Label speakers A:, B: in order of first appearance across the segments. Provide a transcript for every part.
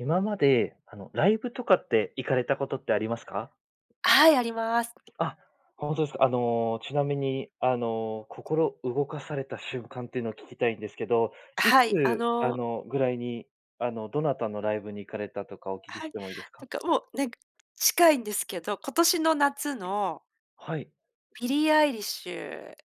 A: 今まで、あのライブとかって行かれたことってありますか？
B: はい、あります。
A: あ、ほんとですか。あの、ちなみに、あの、心動かされた瞬間っていうのを聞きたいんですけど、
B: あ、
A: いつ、
B: はい、あ
A: あ
B: の
A: の、ぐらいに、あの、どなたのライブに行かれたとかお聞き
B: は
A: し
B: い、
A: てもいいです
B: な
A: か？
B: んかもう、なんか、近いんですけど、今年の夏の
A: はい。
B: ビリーアイリッシュ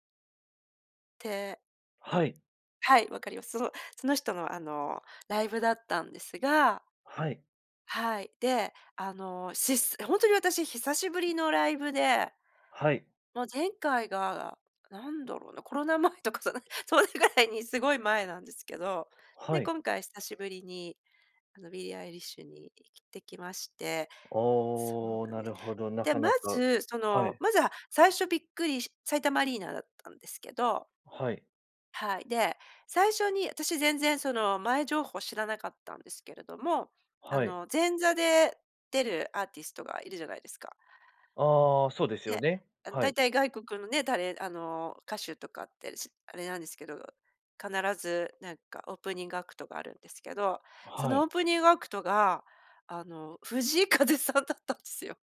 B: て、わ
A: はい。
B: はい、分かります。そのその人のあの、ライブだったんですが
A: はい。
B: はい。で、あの、しすほんとに私久しぶりのライブで。
A: はい。
B: もう前回が、なんだろうな、コロナ前とかさ、なんそれぐらいにすごい前なんですけど。で、
A: はい。
B: 今回久しぶりに、あの、ビリーアイリッシュに行ってきましてそうな
A: おお、
B: ん
A: な
B: です。
A: るほど、な
B: で、
A: か
B: ま
A: なか
B: ず、そ
A: は
B: の、
A: い。
B: まずは最初びっくりし埼玉アリーナだったんですけど。
A: はい。
B: はい、で、最初に、私全然その、前情報知らなかったんですけれども、あ
A: はい。
B: の、前座で出るアーティストが居るじゃないですか。
A: ああ、そうですよ
B: で、
A: ね。
B: あの
A: は
B: 大
A: い。
B: 体外国のね、たれあの、歌手とかってしあれなんですけど、必ずなんかオープニングアクトがあるんですけど、そ
A: は
B: のオ
A: い。
B: ープニングアクトが、あの、藤井風さんだったんですよ。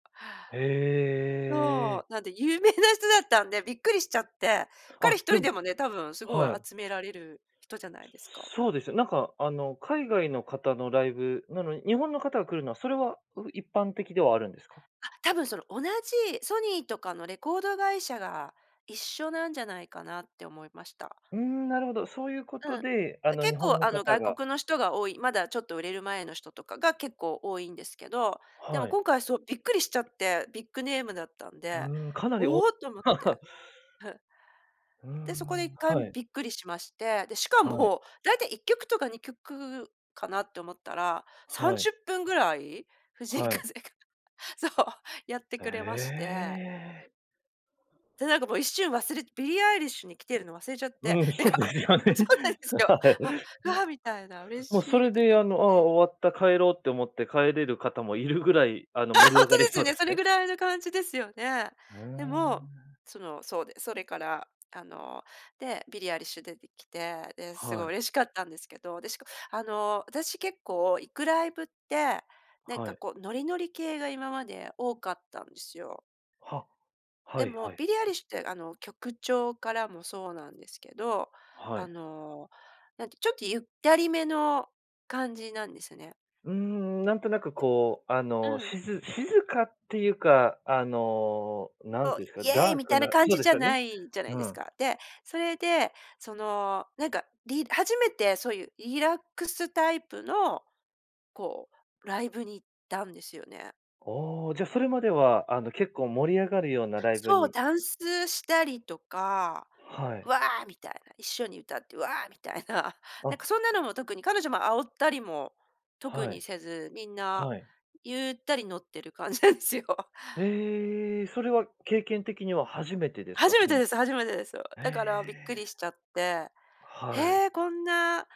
A: へ
B: そ
A: え。
B: う、なんで有名な人だったんで、びっくりしちゃって、
A: あ、
B: 彼一
A: で
B: 人
A: も
B: でもね、多分すごい
A: はい。
B: 集められる人じゃないですか。
A: そうですよね。なんかあの、海外の方のライブなのに、日本の方が来るのはそれは、う一般的ではあるんですか？
B: あ、多分その同じ、ソニーとかのレコード会社が一緒なんじゃないかなって思いました。
A: うーん、なるほど、そういうこ
B: うん。
A: とで、あ
B: あ、
A: の日
B: 結構
A: 本の
B: あの、
A: 方
B: 外
A: が
B: 国の人が多い、まだちょっと売れる前の人とかが結構多いんですけど、で
A: は
B: も
A: い。
B: 今回そう、びっくりしちゃって、ビッグネームだったん
A: う
B: で、
A: ーん、かなりお う
B: おお、と思って。ふ。
A: ー
B: で、そこでいっ
A: ん、
B: かいめ
A: はい。
B: びっくりしまして。で、しか
A: はい。
B: も、大体1曲とか2曲かなって思ったら、さん
A: はい。
B: じゅっぷんぐらい、藤井
A: はい。
B: 風が、そう、やって
A: え
B: くれまして。
A: え。
B: で、なんかもう一瞬忘れビリーアイリッシュに来てるの忘れちゃって、
A: うん、
B: なん
A: そう
B: か、
A: で
B: あ
A: すよね。
B: そうなんですよ。
A: はい。
B: あ、わあ、みたいな、嬉
A: もう
B: し
A: そ
B: いみ
A: れ
B: たいに
A: で
B: なっ
A: あ
B: て
A: の、ああ、
B: ね。
A: 終わった、帰ろうって思って帰れる方も居るぐらい、あの
B: ああ、
A: 盛り
B: ほん
A: 上
B: とで
A: がり
B: す
A: そ
B: よ
A: うで
B: ね、そ
A: す
B: れ
A: ね。
B: ぐらいの感じですよね。
A: うー
B: でも、
A: ん。
B: その、そうで、それから、あの、で、ビリーアイリッシュ出てきて、で、すご
A: は
B: い
A: い。
B: 嬉しかったんですけど、でしかあの、私結構行くライブって、なん
A: は
B: か
A: い。
B: こうノリノリ系が今まで多かったんですよ。
A: は、は
B: で
A: い
B: も、
A: はい。
B: ビリーアイリッシュって、あの、曲調からもそうなんですけど、
A: は
B: あ
A: い。
B: の、なんてちょっとゆったり目の感じなんですよね。
A: うーん、何となくこう、あ
B: う
A: の、
B: ん。
A: しず静かっていうか、あの、何
B: そう、
A: て言うんですか、
B: 「イェイ」
A: ダー
B: み
A: ク
B: たいな
A: な
B: 感
A: そう
B: じ
A: で
B: じ
A: す
B: ゃ
A: よ
B: な
A: ね。
B: いじゃない
A: う
B: です
A: ん。
B: か。で、それで、その、なんか、り初めてそういうリラックスタイプの、こう、ライブに行ったんですよね。
A: ああ、じゃ、それまでは、あの結構盛り上がるようなライブ
B: そう、
A: に
B: ダンスしたりとか、
A: はい。
B: わあみたいな、一緒に歌って、わあみたいな、なんか
A: あ。
B: そんなのも特に、彼女も煽ったりも、特
A: は
B: に
A: い。
B: せず、みんな
A: はい。
B: ゆったり乗ってる感じなんですよ。
A: へえ、そ
B: うん。
A: れは経験的には初めてですか？
B: 初め
A: そ
B: て
A: の
B: です初めてですよ。
A: へ
B: だからびっくり
A: え。
B: しちゃって、
A: はい。
B: へえ、こんな、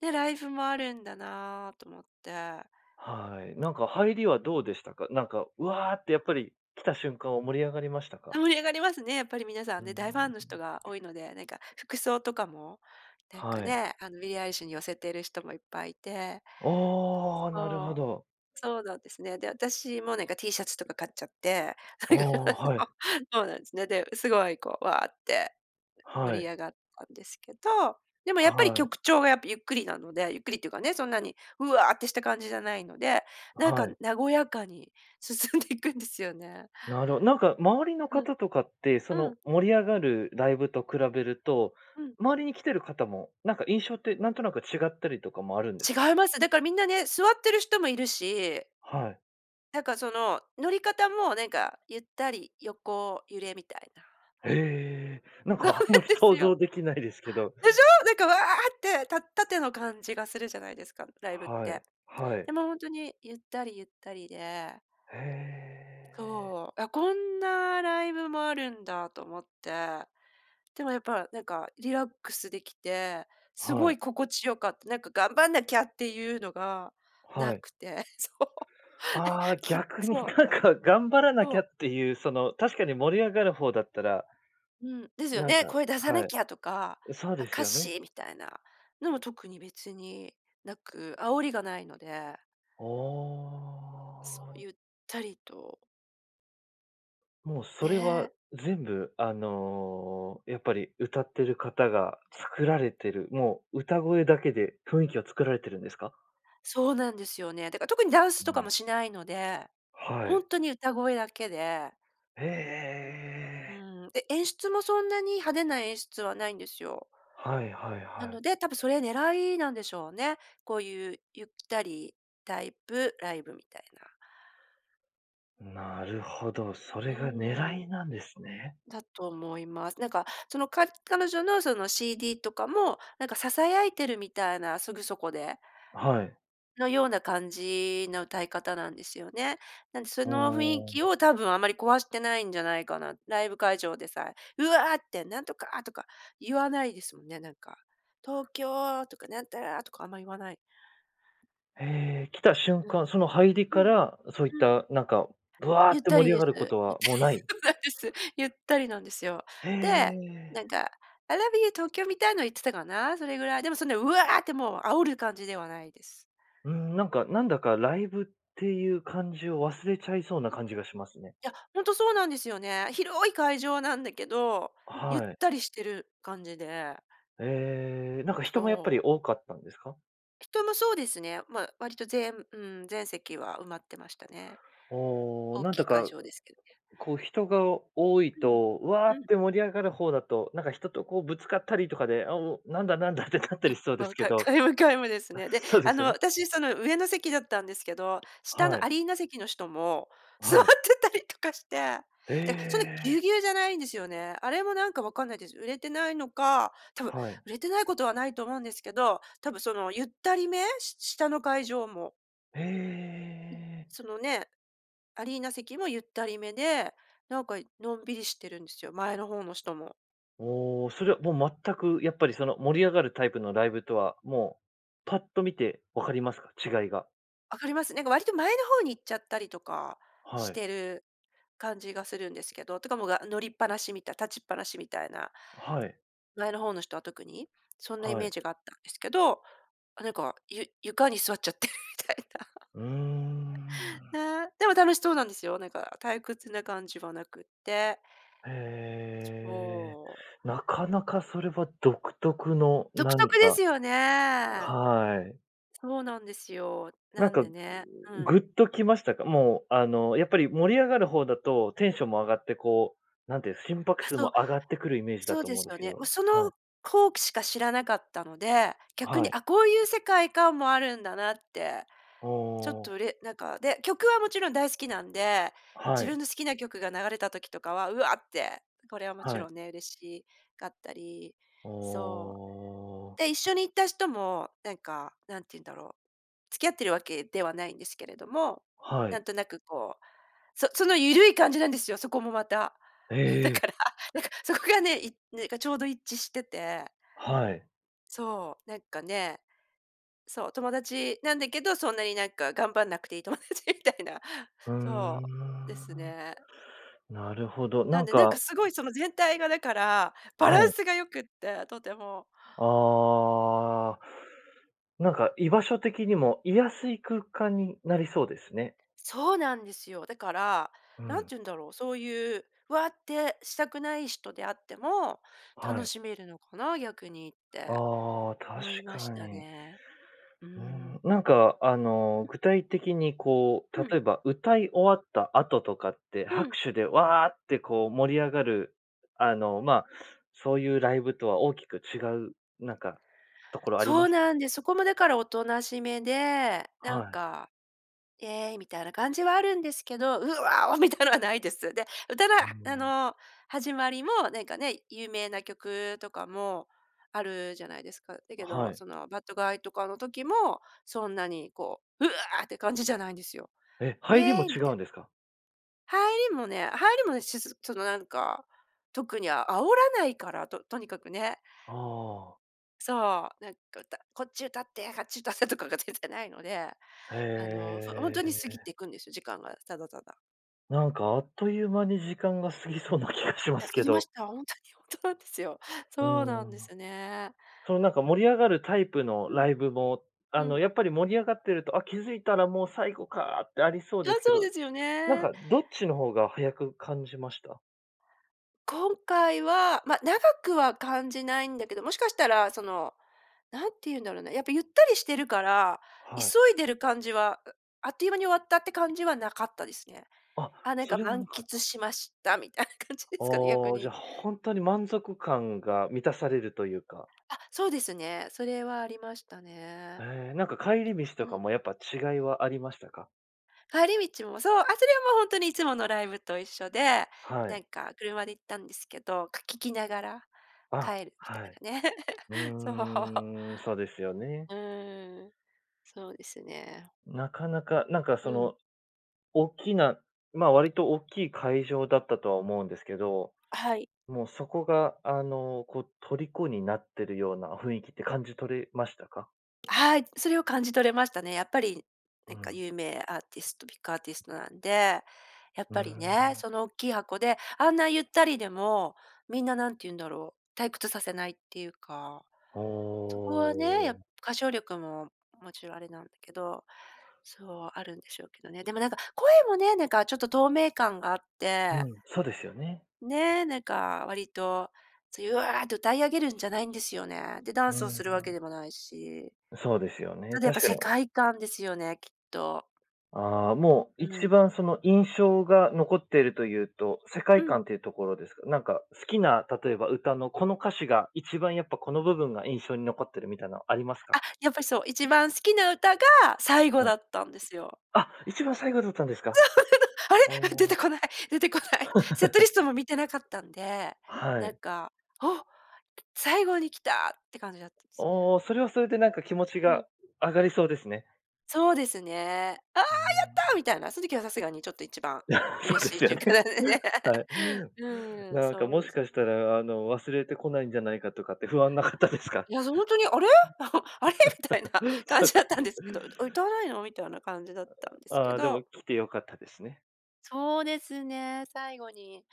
B: ね、ライブもあるんだな、と思って。
A: はい。なんか入
B: うん。
A: りはどうでしたか？なんか、わあってやっぱり、来た瞬間は盛り上がりました
B: あ、
A: か？
B: 盛り上がりますね。やっぱり皆さ
A: う
B: ん
A: ん、うー
B: ね、大ファン
A: ん。
B: の人が多いので、なんか服装とかも、なん
A: は
B: か
A: い。
B: ね、あのビリーアイリッシュに寄せている人もいっぱい居て。
A: ああ、なるほ
B: そう。
A: ど。
B: そうなんですね。で、私もなんかティーシャツとか買っちゃって。
A: ああ、
B: なんか、
A: は
B: そ
A: い。
B: う。そうなんですね。で、すごいこう、うわって
A: は
B: 盛り
A: い。
B: 上がったんですけど、でもやっぱり
A: はい。
B: 曲調がやっぱゆっくりなので、ゆっくりっていうかね、そんなに「うわ」ってした感じじゃないので、なん
A: は
B: か
A: い。
B: 和やかに進んでいくんですよね。
A: なるなんか周りの
B: うん。
A: 方とかって、そ
B: う
A: の
B: ん。
A: 盛り上がるライブと比べると、
B: うん。
A: 周りに来てる方も、なんか印象ってなんとなく違ったりとかもあるんですか？
B: 違います。だからみんなね、座ってる人も居るし。
A: はい。
B: なんか、その、乗り方もなんか、ゆったり横揺れみたいな。
A: へえ、なん
B: そうなん
A: かあんまり
B: です
A: 想像
B: よ。
A: 出来ないですけど。
B: でしょ？なんか「わあ」って、た縦の感じがするじゃないですか、ライブっ
A: は
B: て。
A: い、はい。
B: でもほんとにゆったりゆったりで。
A: へえ。
B: そう。あ、こんなライブもあるんだと思って、でもやっぱ、なんかリラックス出来て、す
A: は
B: ご
A: い。
B: い心地良かった。なんか頑張んなきゃっていうのが無
A: はい。
B: くて。そう。
A: ああ、
B: きっ
A: 逆に
B: そう。
A: なんか頑張らなき
B: そう。
A: ゃっていう、その、確かに盛り上がる方だったら、
B: うん、ですよ
A: なん
B: ね、
A: か、
B: 声出さな
A: はい。
B: きゃとか、
A: うそう
B: あ、
A: です
B: 歌
A: よね。
B: 詞みたいな、のも特に別に無く、煽りが無いので。
A: あ
B: そう、
A: あ。
B: ゆったりと。
A: もうそれは
B: ね。
A: 全部あの、やっぱり歌ってる方が作られてる、もう歌声だけで雰囲気は作られてるんですか？
B: そうなんですよね。だから特にダン
A: う
B: スとか
A: ん。
B: もしないので、
A: は
B: ほ
A: い。
B: んとに歌声だけで。
A: へ
B: う
A: え。
B: ん、え演出もそんなに派手な演出はないんですよ。
A: はい-はい
B: な
A: は
B: の
A: い。
B: で、多分それ狙いなんでしょうね、こういうゆったりタイプ、ライブみたいな。
A: なるほど、それ
B: う
A: が狙
B: ん。
A: いなんですね。
B: だと思います。なんか、そのか彼女のその CD とかも、なんかささやいてるみたいな、すぐそこで
A: はい。
B: のような感じの歌い方なんですよね。なんでそ
A: あ
B: の雰囲
A: あ。
B: 気を多分あまり壊してないんじゃないかな、ライブ会場でさえ、うわってなんとかとか、言わないですもんね、なんか、「東京」とかなんたらとかあんま言わない。
A: へえ、来た瞬
B: うん。
A: 間、その入り
B: う
A: か
B: ん。
A: ら、そういっ
B: うん。
A: たなんか、ぶわ
B: ゆっ
A: って
B: た
A: 盛
B: り
A: り上
B: です。
A: がること
B: ゆっ
A: は
B: たり、
A: もうない。
B: そうなんです。ゆったりなんですよ。
A: へ
B: で、
A: え。
B: なんか、「I love you Tokyo」みたいの言ってたかな、それぐらい。でもそんなうわあってもう煽る感じではないです。
A: うん、なんか、なんだかライブっていう感じを忘れちゃいそうな感じがしますね。
B: いや、ほんとそうなんですよね。広い会場なんだけど、ゆっ
A: はい。
B: たりしてる感じで。
A: ええ、なんか人もやっぱ
B: そ
A: り
B: う。
A: 多かったんですか？
B: 人もそうですね。まあ、割とぜむうん、全席は埋まってましたね、
A: おお。
B: 大
A: なん
B: き
A: と
B: い会
A: か
B: 場ですけどね。
A: こう人が多い
B: うん。
A: と「わ
B: う
A: っ！」
B: ん。
A: て盛り上がる方だと、なんか人とこうぶつかったりとかで、あ、もう、「なんだなんだ？」って、立った
B: や
A: り
B: っ
A: しそうで
B: ぱ、
A: すけ
B: か
A: ど。
B: 皆無皆無です
A: あ、
B: ね。で、
A: そうで
B: あ
A: す
B: の、
A: よね。
B: 私その上の席だったんですけど、下
A: は
B: の
A: い。
B: アリーナ席の人も
A: あ、
B: 座
A: は
B: っ
A: い。
B: てたりとかして、で、そんなぎゅう
A: え！
B: ぎゅうじゃないんですよね。あれもなんか分かんないです。売れてないのか、多分
A: はい。
B: 売れてないことはないと思うんですけど、多分そのゆったりめ？し下の会場も。
A: へ
B: うん。
A: え。
B: そのね、アリーナ席もゆったりめで、なんかのんびりしてるんですよ、前の方もしとも。
A: おお、それはもう全くやっぱり、その盛り上がるタイプのライブとは、もうパッと見て分かりますか？違いが。
B: 分かります。なんか割と前の方に行っちゃったりとか
A: は
B: し
A: い。
B: てる感じがするんですけど、とかもうがあ、乗りっぱなしみたい、立ちっぱなしみたいな。
A: はい。
B: 前の方の人は特に？そんなイ
A: は
B: メ
A: い。
B: ージがあったんですけど、あ、なんか、ゆ床に座っちゃってるみたいな。
A: うー ん。
B: ね、でも楽しそうなんですよ、なんか退屈な感じはなくって。
A: へえ。
B: そう。
A: なかなかそれは独特の
B: 独
A: 何
B: 特で
A: か
B: すよね。
A: はい。
B: そうなんですよ。
A: な
B: な
A: ん
B: ん
A: か、
B: でね。うん。
A: グッときましたか？もう、あの、やっぱり盛り上がる方だとテンションも上がってこう、なんていう、心拍
B: あ、
A: 数
B: そう。
A: も上がってくるイメージだ
B: そう
A: と
B: で
A: 思うん
B: す
A: です
B: よ
A: け
B: ね。
A: ど。
B: も、そ
A: はい。
B: のこうきしか知らなかったので、逆
A: は
B: に
A: い。
B: あ、こういう世界観もあるんだなって、
A: お
B: ちょっと、
A: お。
B: れなんか、で、曲はもちろん大好きなんで、
A: は
B: 自
A: い。
B: 分の好きな曲が流れた時とかは「うわ」って、これはもち
A: はい。
B: ろんね、嬉しかったり
A: あ
B: そう。
A: あ。
B: で、一緒に行った人も、なんか、何て言うんだろう、付き合ってるわけではないんですけれども、
A: は
B: な
A: い。
B: んとなくこう、そそのゆるい感じなんですよ、そこもまた。だ
A: え！
B: から、なんか、そこがね、いねかちょうど一致してて。
A: はい。
B: そう。なんかね。そう、友達なんだけど、そんなになんか頑張んなくていい友達みたいな。
A: うー
B: そう、です
A: ん。
B: ね。
A: なるほど。
B: な
A: な
B: ん
A: ん
B: で、なんか
A: か
B: すごいその全体がだから、バ
A: あ、
B: ラ
A: は
B: ン
A: い。
B: スが良くって、とても。
A: ああ。なんか居場所的にも、居やすい空間になりそうですね。
B: そうなんですよ。だから、
A: う
B: 何て
A: ん。
B: 言うんだろう、そういう「わっ！」てしたくない人であっても、
A: は
B: 楽
A: い。
B: しめるのかな、逆にって、
A: ああ、確
B: 思いまし
A: か
B: た
A: に。
B: ね。うー
A: うー
B: ん。
A: ん。なんかあの、
B: うん。
A: 具体的にこう、
B: うん。
A: 例えば、歌い終わった後とかって、
B: う
A: 拍
B: ん。
A: 手で「わあ！」ってこう盛り上がる、あの、ま、そういうライブとは大きく違うなんかところありま
B: そう
A: した？
B: なんで、そこもだからおとなしめで、な
A: は
B: ん
A: い。
B: か「イエーイ」みたいな感じはあるんですけど「うわ！お！」みたいのはないです。で、歌の
A: うー
B: はあ
A: ん。
B: の、始まりもなんかね、有名な曲とかもあるじゃないですか。だ
A: あ、
B: けど
A: はい。
B: その Bad Guy とかの時もそんなにこう「うわ！」って感じじゃないんですよ
A: え、
B: 「イ
A: 入り
B: エ
A: も
B: ーイ」
A: 違
B: み
A: う
B: て。
A: んですか？
B: 入りもね入りもね、しずちょっとなんか、特にあ煽らないから、ととにかくね。
A: ああ。
B: そう、なんか、うたこっち歌って、あっち歌ってとかが全然ないので、あの、ほほん
A: へ
B: とに過ぎ
A: え。
B: ていくんですよ、時間がただただ。
A: なんか、あっという間に時間が過ぎそうな気がしま
B: いや、
A: す
B: 過
A: け
B: ぎま
A: ど。
B: した。ほんとに、ほんとなんですよ。
A: う
B: そうな
A: ー
B: んで
A: ん。
B: すね。
A: その、なんか、盛り上がるタイプの
B: うん。
A: ライブも、あ
B: う
A: の、
B: ん。
A: やっぱり盛り上がってると、「あ、気づいたらもう最後か」ってありそう
B: あ、
A: ですけ
B: そう
A: ど、
B: ですよ
A: なん
B: ね。
A: か、どっちの方が早く感じました？
B: 今回は、ま、長くは感じないんだけど、もしかしたら、その、何て言うんだろうな、やっぱ、ゆったりしてるから、急
A: はい。
B: いでる感じはあっという間に終わったって感じはなかったですね。
A: あ、
B: あ、なん
A: そ
B: か、
A: れは
B: 満
A: なかっ
B: 喫
A: た。
B: しました。みたいな感じですかね。逆
A: ああ、じ
B: に。
A: ゃ、ほんとに満足感が満たされるというか。
B: あ、そうですね。それはありましたね。ん、
A: へえ、なんか、帰り道と
B: う
A: か
B: ん。
A: も、やっぱ、違いはありましたか？
B: 帰り道も、そう、あ、それはもう、ほんとにいつものライブと一緒で、
A: は
B: な
A: い。
B: んか、車で行ったんですけど、く聞きながら、
A: あ、
B: 帰るみた
A: は
B: い
A: い。
B: なね。
A: う
B: そう。
A: ーん、そうですよね。
B: うーん。そうですね。
A: なかなか、なんかそ
B: うん。
A: の、おっきなま、割とおっきい会場だったとは思うんですけど、
B: はい。
A: もうそこが、あの、こう、虜になってるような雰囲気って感じ取れましたか？
B: はい、それを感じ取れましたね。やっぱり
A: う
B: なんか、
A: ん。
B: 有名アーティスト、ビックアーティストなんで、やっ
A: うー
B: ぱりね、
A: ん。
B: その大きい箱であんなゆったりでも、みんな、なんて言うんだろう、退屈させないっていうか、
A: お
B: そこはね、や
A: お。
B: 歌唱力も勿論あれなんけど、そう、あるんでしょうけどね。でもなんか、声もね、なんかちょっと透明感があって
A: うん、そうですよね。
B: ね、なんか、割と、そう「うわ！」と歌い上げるんじゃないんですよね。で、ダ
A: う
B: ンス
A: ん
B: を
A: う
B: するわけ
A: ん。
B: でもないし
A: そうですよね、
B: ただやっ
A: 確
B: ぱ
A: かに、
B: 世
A: お
B: 界観ですよね、きっと。
A: ああ、もう
B: う
A: 一
B: ん。
A: 番その印象が残っているというと、世界
B: うん。
A: 観というところですか。なんか、好きな、例えば歌の、この歌詞が一番やっぱ、この部分が印象に残ってるみたいなのありますか？
B: あ、やっぱりそう、一番好きな歌が最後
A: はい。
B: だったんですよ。
A: あ、一番最後どったんですか？
B: あ
A: あ
B: れ？出て
A: あ。
B: こない出てこない。セットリ ストも見てなかったんで、
A: は
B: なん
A: い。
B: か、お！最後に来たって感じだったんです
A: お
B: ね。
A: お、それはそれで、なんか気持ち
B: う
A: が
B: ん。
A: 上がりそうですね。
B: そうですね「ああ、や
A: あ
B: った！」
A: の
B: みたいな、その時はさすがにちょっと一番
A: そう
B: 嬉
A: で
B: しい
A: す
B: ち
A: よ
B: ゅうか
A: ね。
B: でね、
A: はい。
B: うん、
A: なんか、
B: そう
A: も
B: で
A: し
B: す。
A: かしたらあの、忘れて来ないんじゃないかとかって不安なかったですか？
B: いや、そ、ほんとに、あれ？あれ？みたいな 感
A: そうっ
B: じ
A: す
B: だっ
A: ね。
B: たんですけど、え、歌わないの？みたい
A: う
B: な感じだったんで
A: ん。
B: す
A: あ、
B: け
A: ああ、でも
B: ど
A: 来て良かったですね。
B: そうですね、最後に、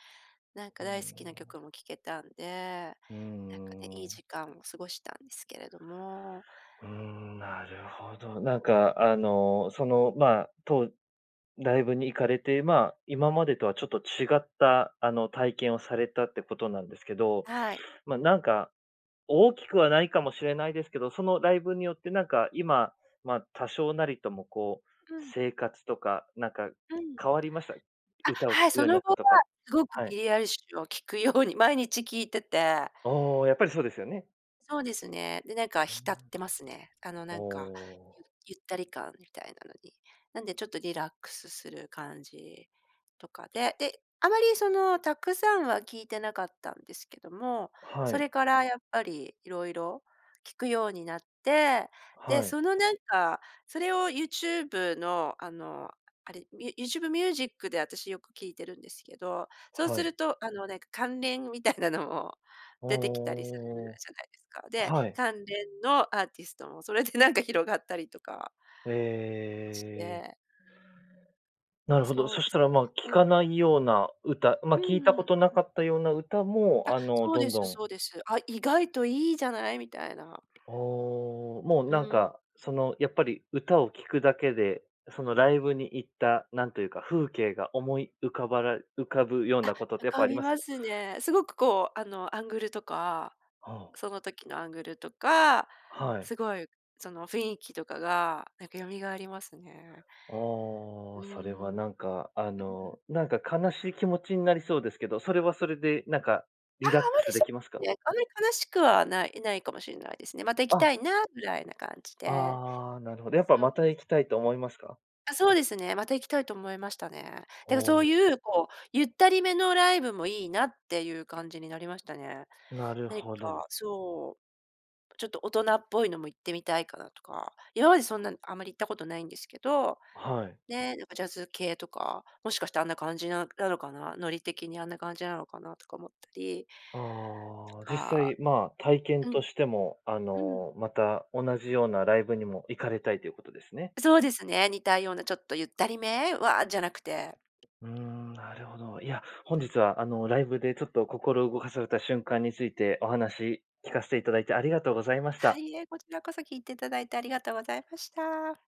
B: なん
A: う
B: か
A: ー
B: 大好きな
A: ん。
B: 曲も聴けたんで、
A: うんう
B: なんかね、
A: んう
B: いい
A: ん。
B: 時間を過ごしたんですけれども。
A: うーん、なるほど。なんかあの、その、まあ、とうライブに行かれて、まあ、今までとはちょっと違った、あの、体験をされたってことなんですけど、
B: はい。
A: まあ、なんか、大きくはないかもしれないですけど、そのライブによってなんか今、まあ、多少なりともこう、
B: うん。
A: 生活とか、なんか
B: はい。
A: 変わりました？
B: あ、
A: 歌を
B: は
A: 聴
B: い、
A: くよ
B: そ
A: うに
B: の
A: なっ
B: 後
A: た
B: は、
A: とか。
B: すごく
A: は
B: ビ
A: い。
B: リーアイリッシュを聴くように毎日聴いてて
A: ああ、やっぱりそうですよね。
B: そうですね、で、なんか浸ってますね。あの、
A: お
B: なんか、ゆ
A: お。
B: ゆったり感みたいなのに。なんでちょっとリラックスする感じとかで、で、あまりそのたくさんは聴いてなかったんですけども、
A: は
B: そ
A: い。
B: れからやっぱり色々聴くようになって、で、
A: はい。
B: そのなんか、それをユーチューブのあの、あれ、ユユーチューブミュージックで私よく聴いてるんですけど、そう
A: は
B: す
A: い。
B: ると、あの、なんか関連みたいなのも
A: ああ、
B: 出てきたりするじゃないですか。で、
A: はい。
B: 関連のアーティストもそれでなんか広がったりとかし
A: ええ。
B: て。
A: なるほど。
B: そ
A: そ
B: う
A: し
B: で
A: た
B: す
A: ら、まあ、聴
B: ね。うん。
A: かないような歌、ま、
B: う
A: 聴いた
B: ん
A: こ
B: うん。
A: となかったような歌
B: あ、
A: も、あの
B: そう
A: ど
B: で
A: んど
B: す
A: ん
B: そうです。あ、意外といいじゃない。みたいな。
A: ああ、もう
B: う
A: なん
B: ん。
A: かその、やっぱり歌を聴くだけで、そのライブに行った、なんというか、風景が思い浮かばら浮かぶよう
B: あ、
A: なことって
B: 浮
A: やっぱあ
B: か
A: り
B: び
A: ます
B: ま
A: か？
B: すね、すごく、こう、あの、アングルとか
A: ああ。
B: その時のアングルとか、
A: はい。
B: すごいその雰囲気とかがなんか蘇りますね。
A: あ
B: う
A: あ、
B: ー
A: それは
B: ん。うん。
A: なんかあの、なんか悲しい気持ちになりそうですけど、それはそれでなんか
B: あ
A: リ
B: あ、あ
A: ラック
B: まり、
A: スで
B: そう
A: きますか？
B: ですね、あまり悲しくはないないかもしんないですね。また行きた
A: あ
B: いなぐらいな感じで。
A: ああ、なるほど。やっぱ
B: そう
A: ま
B: です。
A: た行きたいと思いますか？
B: あ、そうですね、また行きたいと思いましたね。
A: あ
B: だかそう
A: あ。
B: いうこう、ゆったり目のライブもいいなっていう感じになりましたね。
A: なる
B: なに
A: ほど。
B: か、そう、ちょっと大人っぽいのも行ってみたいかなとか、今までそんなあんまり行ったことないんですけど、
A: はい。
B: ね、なんかジャズ系とか、もしかしてあんな感じななのかな、ノリ的にあんな感じなのかなとか思ったり
A: ああ、
B: と
A: 実
B: か、
A: 際、まあ、体験
B: うん。
A: としてもあ
B: うん。
A: の、また同じようなライブにも行かれたいということですね？
B: そうですね、似たようなちょっとゆったり目は、あ、じゃなくて。
A: うーん、なるほど。いや、本日は、あの、ライブでちょっと心を動かされた瞬間についてお話聞かせていただいてありがとうございまし
B: は
A: た。
B: い、いいえ、こちらこそ聞いていただいてありがとうございました。